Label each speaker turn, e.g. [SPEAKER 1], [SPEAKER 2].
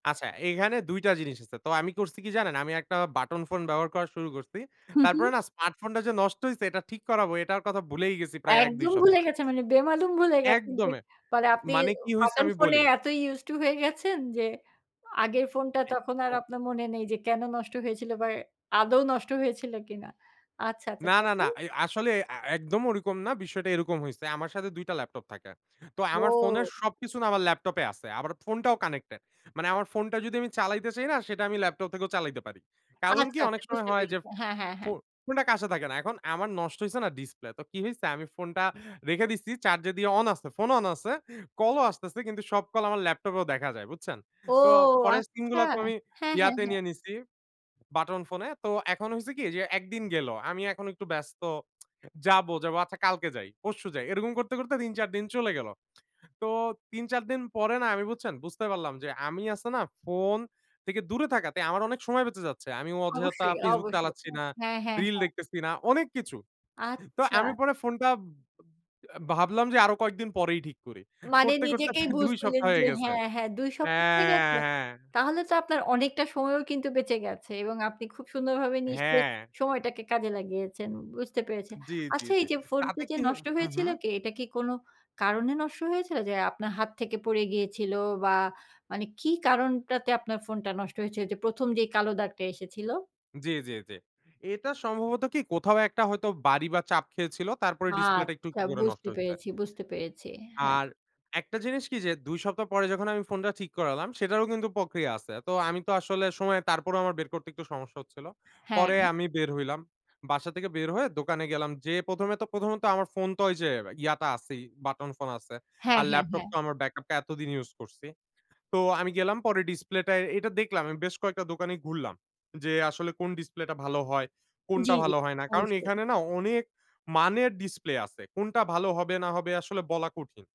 [SPEAKER 1] আচ্ছা এইখানে ২ টা জিনিস আছে। তো আমি করছি কি জানেন? আমি একটা বাটন ফোন ব্যবহার করা শুরু করছি।
[SPEAKER 2] হু,
[SPEAKER 1] তারপরে
[SPEAKER 2] হু।
[SPEAKER 1] না স্মার্ট ফোনটা যে নষ্ট হইছে, এটা ঠিক করাবো এটার কথা ভুলেই গেছি প্রায় ১-২
[SPEAKER 2] একদম ভুলে
[SPEAKER 1] সপ্তাহ।
[SPEAKER 2] গেছে মানে বেমালুম ভুলে গেছেন যে
[SPEAKER 1] একদমে!
[SPEAKER 2] মানে আপনি
[SPEAKER 1] মানে
[SPEAKER 2] ও
[SPEAKER 1] কি হইছে,
[SPEAKER 2] বাটন
[SPEAKER 1] আমি
[SPEAKER 2] ফোনে
[SPEAKER 1] বলি
[SPEAKER 2] এতই used to হয়ে গেছেন যে, আগের ফোনটা তখন
[SPEAKER 1] অ্যা
[SPEAKER 2] আর
[SPEAKER 1] ও
[SPEAKER 2] আপনার মনে নেই যে, কেন নষ্ট হয়েছিল বা আদৌ নষ্ট হয়েছিল কিনা। আচ্ছা, আচ্ছা।
[SPEAKER 1] না, না, না।
[SPEAKER 2] [unintelligible]
[SPEAKER 1] এই আসলে আ একদম ওরকম না। বিষয়টা এরকম হইছে। আমার সাথে ২ টা ল্যাপটপ থাকে। তো আমার ফোনের
[SPEAKER 2] ও!
[SPEAKER 1] সবকিছু না আমার ল্যাপটপ এ আছে। আমার ফোনটাও কানেক্টেড মানে আমার ফোনটা যদি আমি চালাইতে চাই না সেটা আমি ল্যাপটপ থেকেও চালাইতে পারি। কারণ কি?
[SPEAKER 2] আচ্ছা,
[SPEAKER 1] অনেক
[SPEAKER 2] আচ্ছা
[SPEAKER 1] সময়
[SPEAKER 2] বুঝতে
[SPEAKER 1] হয় যে,
[SPEAKER 2] পেরেছি। হ্যাঁ, হ্যাঁ,
[SPEAKER 1] ফো
[SPEAKER 2] হ্যাঁ।
[SPEAKER 1] ফোনটা কাছে থাকে না। এখন আমার নষ্ট হইছে না, ডিসপ্লে। তো কি হইছে, আমি ফোনটা রেখে দিসি। চার্জ দিয়ে অন আছে ফোন অন আছে। কল ও আসতেছে। কিন্তু সব কল আমার ল্যাপটপ এও দেখা যায়, বুঝছেন?
[SPEAKER 2] ও
[SPEAKER 1] তো পরের সিম
[SPEAKER 2] আচ্ছা!
[SPEAKER 1] গুলো তো আমি
[SPEAKER 2] হ্যাঁ, হ্যাঁ,
[SPEAKER 1] ইয়াতে
[SPEAKER 2] হ্যাঁ।
[SPEAKER 1] নিয়ে নিছি, বাটন ফোনে। তো এখন হইছে কি, যে, একদিন গেল। আমি এখন একটু ব্যস্ত। যাব, যাব, আচ্ছা কালকে যাই, পরশু যাই এরকম করতে, করতে ৩-৪ দিন চলে গেল। তো, ৩-৪ দিন পরে না, আমি বুঝছেন, বুঝতে পারলাম যে আমি আছে না ফোন থেকে দূরে থাকাতে, আমার অনেক সময় বেঁচে যাচ্ছে। আমি অযথা
[SPEAKER 2] অবশ্যই,
[SPEAKER 1] Facebook
[SPEAKER 2] অবশ্যই।
[SPEAKER 1] চালাচ্ছি
[SPEAKER 2] অ্যা
[SPEAKER 1] না,
[SPEAKER 2] হ্যাঁ, হ্যাঁ,
[SPEAKER 1] রিল
[SPEAKER 2] হ্যাঁ।
[SPEAKER 1] দেখতেছি না। অনেক কিছু। তো
[SPEAKER 2] আচ্ছা!
[SPEAKER 1] আমি পরে ফোনটা বা আ ভাবলাম যে, "আরো কয়েকদিন পরেই ঠিক করি।"
[SPEAKER 2] মানে
[SPEAKER 1] করতে, করতে
[SPEAKER 2] নিজেকেই
[SPEAKER 1] [unintelligible]
[SPEAKER 2] বুঝ
[SPEAKER 1] ২
[SPEAKER 2] দিলেন
[SPEAKER 1] সপ্তাহ হয়ে
[SPEAKER 2] যে
[SPEAKER 1] গেছে।
[SPEAKER 2] হ্যাঁ, হ্যাঁ, ২ সপ্তাহ হয়ে
[SPEAKER 1] হ্যাঁ,
[SPEAKER 2] গেছে?
[SPEAKER 1] হ্যাঁ, হ্যাঁ।
[SPEAKER 2] তাহলে তো আপনার অনেকটা সময়ও কিন্তু বেঁচে গেছে এবং আপনি খুব সুন্দরভাবে নিশ্চয়ই
[SPEAKER 1] হ্যাঁ।
[SPEAKER 2] সময়টাকে কাজে লাগিয়েছেন বুঝতে পেরেছে।
[SPEAKER 1] জ্বী, জ্বী,
[SPEAKER 2] আচ্ছা এই
[SPEAKER 1] জ্বী।
[SPEAKER 2] যে ফোনটা
[SPEAKER 1] তাতে
[SPEAKER 2] যে
[SPEAKER 1] কিহ
[SPEAKER 2] নষ্ট
[SPEAKER 1] হু, হু।
[SPEAKER 2] হয়েছিল কে এটা কি কোনো কারণে নষ্ট হয়েছিল? যে আপনার হাত থেকে পড়ে গিয়েছিল বা মানে কি কারণটাতে আপনার ফোনটা নষ্ট হয়েছে? ওইযে ১ম যে কালো দাগটা এসেছিল?
[SPEAKER 1] জ্বী, জ্বী, জ্বী। এটা সম্ভবত কি, কোথাও একটা হয়তো বাড়ি বা চাপ খেয়েছিল, তারপরে ডিসপ্লেটা একটু
[SPEAKER 2] আচ্ছা!
[SPEAKER 1] করে নষ্ট
[SPEAKER 2] বুঝতে
[SPEAKER 1] হইছে।
[SPEAKER 2] পেরেছি, বুঝতে পেরেছি। হ্যাঁ।
[SPEAKER 1] আর একটা জিনিস কি যে, ২ সপ্তাহ পরে যখন আমি ফোনটা ঠিক করালাম, সেটারও কিন্তু প্রক্রিয়া আছে। তো আমি তো আসলে সময় তারপরেও আমার বের করতে একটু সমস্যা হচ্ছিল।
[SPEAKER 2] হ্যাঁ।
[SPEAKER 1] পরে আমি বের হইলাম। বাসা থেকে বের হয়ে দোকানে গেলাম, যে ১ম এ তো প্রথমত আমার ফোন তো ওই যে ইয়াটা আছেই, বাটন ফোন আছে।
[SPEAKER 2] হ্যাঁ,
[SPEAKER 1] আর
[SPEAKER 2] হ্যাঁ,
[SPEAKER 1] ল্যাপটপ
[SPEAKER 2] হ্যাঁ।
[SPEAKER 1] তো আমার ব্যাকআপ টা এতদিন ইউজ করছি। তো, আমি গেলাম পরে ডিসপ্লেটায় এটা দেখলাম, আমি বেশ কয়েকটা দোকানই ঘুরলাম। যে, "আসলে কোন ডিসপ্লেটা ভালো হয়, কোনটা
[SPEAKER 2] জ্বী, জ্বী।
[SPEAKER 1] ভালো হয় না!" কারণ
[SPEAKER 2] অবশ্যই।
[SPEAKER 1] এখানে না অনেক মানের ডিসপ্লে আছে। কোনটা ভালো হবে না হবে আসলে বলা কঠিন।